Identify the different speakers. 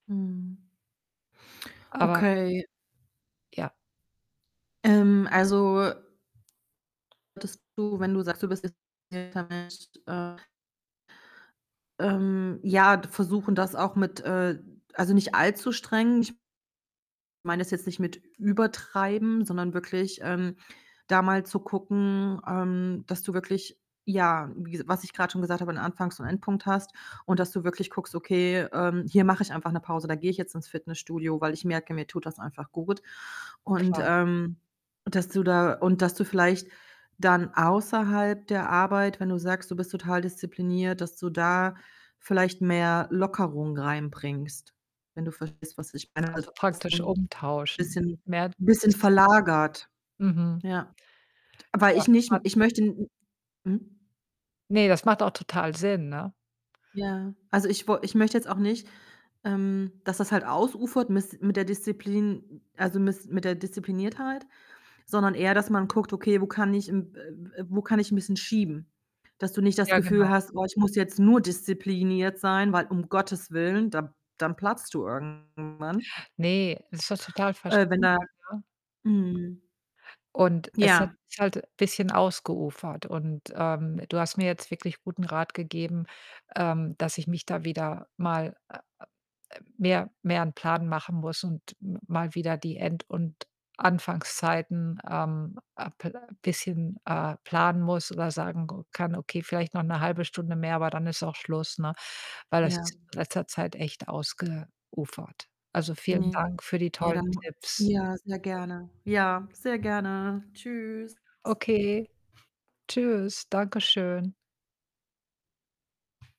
Speaker 1: Mhm.
Speaker 2: Aber
Speaker 1: Okay.
Speaker 2: ja.
Speaker 1: Ähm, also, dass du, wenn du sagst, du bist [unintelligible] Mensch, äh Ähm, ja, d versuchen das auch mit, äh also, nicht allzu streng. Ich meine es jetzt nicht mit übertreiben, sondern wirklich, ähm, da mal zu gucken, ähm, dass du wirklich ja, wies was ich grad schon gesagt habe, 'n Anfangs und Endpunkt hast und dass du wirklich guckst: „Okay, ähm, hier mache ich einfach 'ne Pause, da gehe ich jetzt ins Fitnessstudio, weil ich merke, mir tut das einfach gut.” Und,
Speaker 2: Klar.
Speaker 1: ähm, dass du da und dass du vielleicht dann außerhalb der Arbeit wenn du sagst, du bist total diszipliniert, dass du da vielleicht mehr Lockerung reinbringst, wenn du verstehst, was ich meine
Speaker 2: Also, praktisch
Speaker 1: [unintelligible]
Speaker 2: umtauschen.
Speaker 1: bisschen n'
Speaker 2: Mehr
Speaker 1: bisschen
Speaker 2: Disziplin.
Speaker 1: verlagert.
Speaker 2: Mhm.
Speaker 1: Ja, t weil
Speaker 2: Ja,
Speaker 1: ich
Speaker 2: bis
Speaker 1: nicht
Speaker 2: wann?
Speaker 1: ich möchte 'n Mhm?
Speaker 2: Ne, das macht auch total Sinn, ne?
Speaker 1: Ja, also, ich wo ich möchte jetzt auch nicht, ähm, dass das halt ausufert mis mit der Disziplin, m also, mis mit der Diszipliniertheit, sondern eher, dass man guckt: „Okay, wo kann ich, m äh, w äh, wo kann ich 'n bisschen schieben?“ Dass du nicht das
Speaker 2: Ja,
Speaker 1: Gefühl
Speaker 2: genau.
Speaker 1: hast: „Oh, ich muss jetzt nur diszipliniert sein“, weil um Gottes willen, da dann platzt du irgendwann.
Speaker 2: Ne, es ist doch total
Speaker 1: Äh, wenn
Speaker 2: verständlich,
Speaker 1: da
Speaker 2: ja,
Speaker 1: Mhm.
Speaker 2: und es hat
Speaker 1: Ja.
Speaker 2: sich halt bisschen ausgeufert und, ähm, du hast mir jetzt wirklich guten Rat gegeben, ähm, dass ich mich da wieder mal, äh, äh, ähm, mehr mehr 'n Plan machen muss und m mal wieder die End und Anfangszeiten, ähm, äh, pl bisschen, äh, planen muss oder sagen, [unintelligible] kann: „Okay, vielleicht noch 'ne 1/2 Stunde mehr, aber dann ist auch Schluss”, ne, weil das
Speaker 1: Ja.
Speaker 2: ist in letzter Zeit echt ausgeufert. Also, vielen
Speaker 1: Ne,
Speaker 2: Dank für die tollen
Speaker 1: dann nur
Speaker 2: Tipps.
Speaker 1: Ja, sehr gerne. Ja, sehr gerne. Tschüss.
Speaker 2: Okay. Tschüss, Dankeschön.